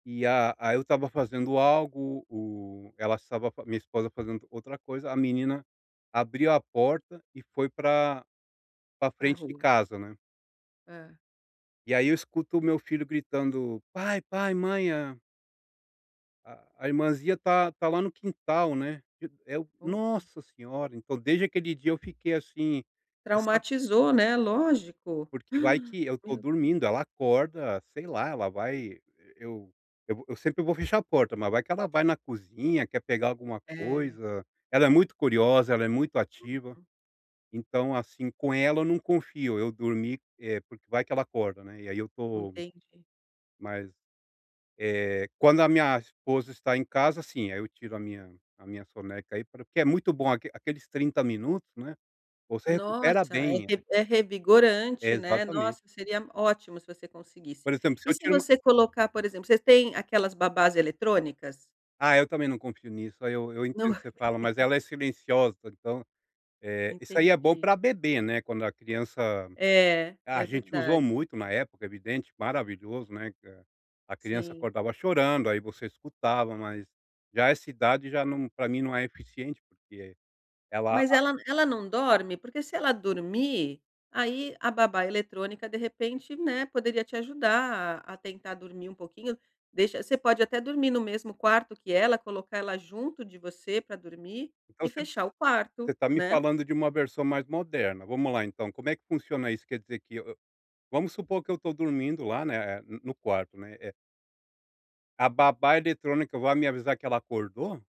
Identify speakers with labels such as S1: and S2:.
S1: E a aí eu estava fazendo algo, o ela estava, minha esposa fazendo outra coisa, a menina abriu a porta e foi pra pra
S2: Pra
S1: frente de
S2: rua.
S1: casa, né.
S2: Hã.
S1: E aí eu escuto o meu filho gritando: "Pai, pai, mãe a" a a irmãzinha está está lá no quintal, né. E eu:
S2: Boa.
S1: "Nossa senhora". Então, desde aquele dia eu fiquei assim, ressa
S2: Traumatizou, né, lógico.
S1: Porque vai
S2: Uh!
S1: que eu estou
S2: Meu Deus.
S1: dormindo, ela acorda, sei lá, ela vai, eu vo eu sempre vou fechar a porta, mas vai que ela vai na cozinha, quer pegar alguma
S2: É.
S1: coisa, ela é muito curiosa, ela é muito ativa.
S2: Uhum.
S1: Então assim, com ela eu não confio, eu dormi, eh, porque vai que ela acorda, né. E aí eu estou,
S2: Entendi.
S1: mas, eh, quando a minha esposa está em casa sim, ai eu tiro a minha a minha soneca aí pra porque é muito bom aque aqueles 30 minutos, né, você
S2: Nossa
S1: recupera
S2: é
S1: bem.
S2: revi é revigorante, né.
S1: Exatamente.
S2: Nossa seria ótimo se você conseguisse.
S1: Por exemplo, se
S2: E
S1: eu
S2: se
S1: tiro uma
S2: você colocar por exemplo, você tem aquelas babás eletrônicas?
S1: Ah eu também não confio nisso, aí eu eu
S2: Não.
S1: entendo que você fala, mas ela é silenciosa, então, eh, isso aí é bom
S2: Entendi.
S1: pra bebê, né, quando a criança,
S2: É,
S1: a
S2: é
S1: gente usou
S2: verdade.
S1: muito na época, evidente, maravilhoso, né, que a criança
S2: Sim.
S1: acordava chorando, aí você escutava, mas já essa idade já não pra mim não é eficiente porque ela
S2: Mas
S1: a
S2: ela ela não dorme? Porque se ela dormir, aí a babá eletrônica de repente, né, poderia te ajudar a tentar dormir um pouquinho, deixa você pode até dormir no mesmo quarto que ela, colocar ela junto de você pra dormir,
S1: Então
S2: e
S1: você
S2: fechar o
S1: você
S2: quarto,
S1: está me
S2: né.
S1: falando de uma versão mais moderna. Vamos lá então. Como é que funciona isso? Quer dizer que eu eu, vamos supor que eu estou dormindo lá, né, no no quarto, né, eh a babá eletrônica vai me avisar que ela acordou?